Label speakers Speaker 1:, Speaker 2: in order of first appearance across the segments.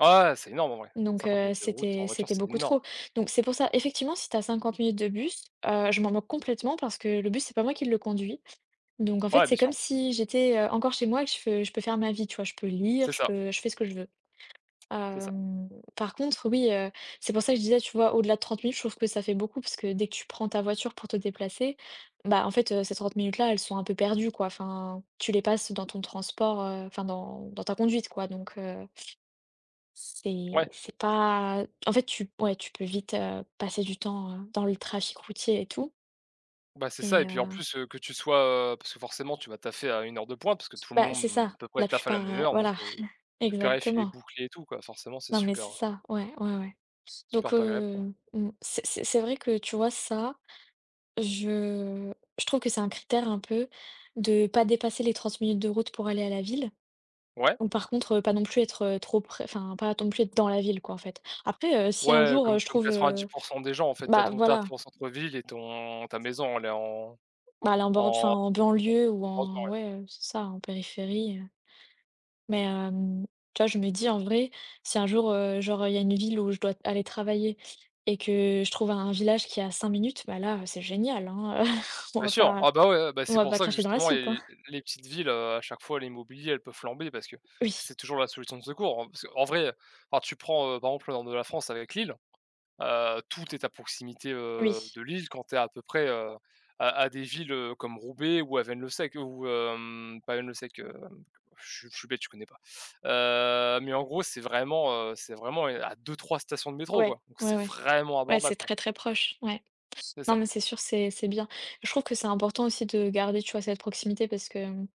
Speaker 1: Ouais, ouais, c'est énorme en vrai,
Speaker 2: Donc,
Speaker 1: 50
Speaker 2: heu,
Speaker 1: minutes de route
Speaker 2: c'était
Speaker 1: en voiture,
Speaker 2: c'était
Speaker 1: c'est
Speaker 2: beaucoup
Speaker 1: énorme.
Speaker 2: trop, donc c'est pour ça, effectivement, si tu as 50 minutes de bus, heu, je m'en moque complètement parce que, le bus c'est pas moi qui le conduis, donc en fait,
Speaker 1: Ouais,
Speaker 2: c'est
Speaker 1: bien
Speaker 2: comme
Speaker 1: sûr.
Speaker 2: si j'étais, heu, encore chez moi et que je je peux faire ma vie, tu vois? Je peux lire,
Speaker 1: C'est
Speaker 2: je
Speaker 1: ça.
Speaker 2: peux je fais ce que je veux.
Speaker 1: C'est ça.
Speaker 2: Hem, par contre, oui, heu, c'est pour ça que je disais, tu vois au-delà de 30 minutes, trouve que ça fait beaucoup, parce que dès que tu prends ta voiture pour te déplacer, bah en fait, heu, ces 30 minutes là, elles sont un peu perdues quoi. Enfin, tu les passes dans ton transport, heu, enfin, dans dans ta conduite quoi, donc, heu c'est
Speaker 1: Ouais.
Speaker 2: c'est pas, en fait, tu ouais, tu peux vite, heu, passer du temps, heu, dans le trafic routier et tout
Speaker 1: Bah, c'est ça
Speaker 2: et
Speaker 1: et puis en
Speaker 2: heu
Speaker 1: plus, heu, que tu sois, heu, parce que forcément tu vas taffer à une heure de pointe, parce que tout le
Speaker 2: Bah, c'est
Speaker 1: monde
Speaker 2: ça,
Speaker 1: à peu prêt
Speaker 2: la
Speaker 1: taff à la
Speaker 2: plupart,
Speaker 1: même
Speaker 2: heu,
Speaker 1: heure, donc,
Speaker 2: voilà,
Speaker 1: heu, le périph il est
Speaker 2: exactement.
Speaker 1: bouclé et tout quoi, forcément c'est
Speaker 2: Non, mais
Speaker 1: super,
Speaker 2: c'est
Speaker 1: heu
Speaker 2: ça. Ouais, ouais, ouais, donc,
Speaker 1: super pas agréable quoi.
Speaker 2: heu, mmh, c'est c'est c'est vrai que, tu vois ça, je je trouve que c'est un critère un peu. De pas dépasser les 30 minutes de route pour aller à la ville,
Speaker 1: Ouais.
Speaker 2: bon par contre, pas non plus être trop prè enfin, ne pas non plus être dans la ville quoi en fait. Après, heu, si un
Speaker 1: Ouais, comme
Speaker 2: jour je
Speaker 1: comme
Speaker 2: trouve,
Speaker 1: quatre-vingt-dix
Speaker 2: heu,
Speaker 1: pour cent des gens, en fait, tu as
Speaker 2: bah
Speaker 1: ton taff
Speaker 2: voilà.
Speaker 1: en centre ville et ton ta maison, elle est en
Speaker 2: Bah, aller en bord enfin
Speaker 1: en
Speaker 2: en banlieue ou
Speaker 1: bordure
Speaker 2: en
Speaker 1: ouais.
Speaker 2: ouais, heu, c'est ça en périphérie, heu, mais, hem, tu vois je me dis en vrai, si un jour, heu, genre, il y a une ville où je dois aller travailler et que je trouve un village qui est à 5 minutes, bah, là, heu, c'est génial, hein, heu. On
Speaker 1: Bien
Speaker 2: va
Speaker 1: sûr.
Speaker 2: pas
Speaker 1: Ah bah, ouais, ouais. Bah,
Speaker 2: on
Speaker 1: c'est
Speaker 2: va
Speaker 1: pour
Speaker 2: pas
Speaker 1: ça que
Speaker 2: cracher dans la
Speaker 1: justement
Speaker 2: soupe, hein.
Speaker 1: les les petites villes, heu, à chaque fois l'immobilier elle peut flamber parce que
Speaker 2: Oui.
Speaker 1: c'est toujours la solution de secours. En parce que, en vrai, heu, enfin, tu prends, heu, par exemple au nord de la France avec Lille, heu, tout est à proximité, heu,
Speaker 2: Oui.
Speaker 1: de Lille quand tu es à peu près, heu, à à des villes, heu, comme Roubaix ou à Avesnes-le-Sec ou, hem, pas Avesnes-le-Sec, heu, je suis je suis bête je connais pas. Heu, mais en gros, c'est vraiment, heu, c'est vraiment à 2-3 stations de métro
Speaker 2: Ouais,
Speaker 1: quoi, donc
Speaker 2: ouais,
Speaker 1: c'est
Speaker 2: ouais,
Speaker 1: vraiment
Speaker 2: ouais, c'est
Speaker 1: abordable quoi.
Speaker 2: très, très proche, ouais.
Speaker 1: C'est
Speaker 2: Non
Speaker 1: ça.
Speaker 2: mais c'est sûr c'est c'est bien. Je trouve que c'est important aussi de garder, tu vois cette proximité parce que, mmh,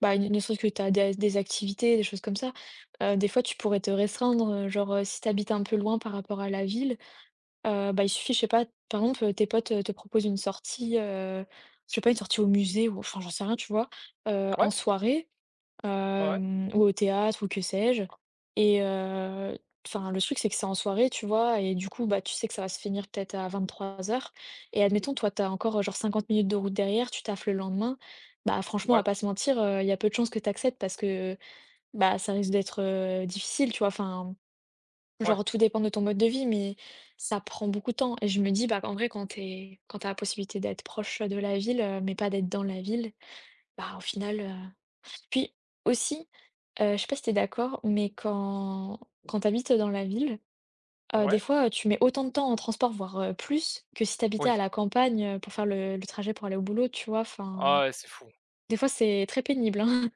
Speaker 2: bah, il ne serait-ce que tu as des des activités, des choses comme ça. Heu, des fois tu pourrais te restreindre, heu, genre, heu, si tu habites un peu loin par rapport à la ville, heu, bah, il suffit, je sais pas par exemple, tes potes te proposent une sortie, heu, je sais pas, une sortie au musée ou enfin, j'en sais rien tu vois? Heu, en
Speaker 1: Ouais.
Speaker 2: soirée,
Speaker 1: Ouais, ouais.
Speaker 2: hem, ou au théâtre ou que sais-je? Et heu, enfin, le truc, c'est que c'est en soirée, tu vois? Et du coup, bah tu sais que ça va se finir peut être à 23:00 et admettons, toi, as encore, genre, 50 minutes de route derrière, tu taffes le lendemain. Bah, franchement, on va
Speaker 1: Ouais.
Speaker 2: pas se mentir, heu, il y a peu de chances que tu acceptes parce que, bah, ça risque d'être, heu, difficile, tu vois? Enfin,
Speaker 1: Ouais.
Speaker 2: genre, tout dépend de ton mode de vie, mais ça prend beaucoup de temps, et je me dis, bah, qu'en vrai, quand tu es quand tu as la possibilité d'être proche, heu, de la ville, heu, mais pas d'être dans la ville, bah, au final, heu, puis aussi, heu, je sais pas si tu es d'accord? Mais quand quand tu habites dans la ville, heu, des
Speaker 1: Ouais.
Speaker 2: fois, heu, tu mets autant de temps en transport, voir, heu, plus, que si tu habitais
Speaker 1: Oui.
Speaker 2: à la campagne, heu, pour faire le le trajet pour aller au boulot, tu vois? Enfin,
Speaker 1: Ah, ouais, c'est fou.
Speaker 2: des fois, c'est très pénible, hein.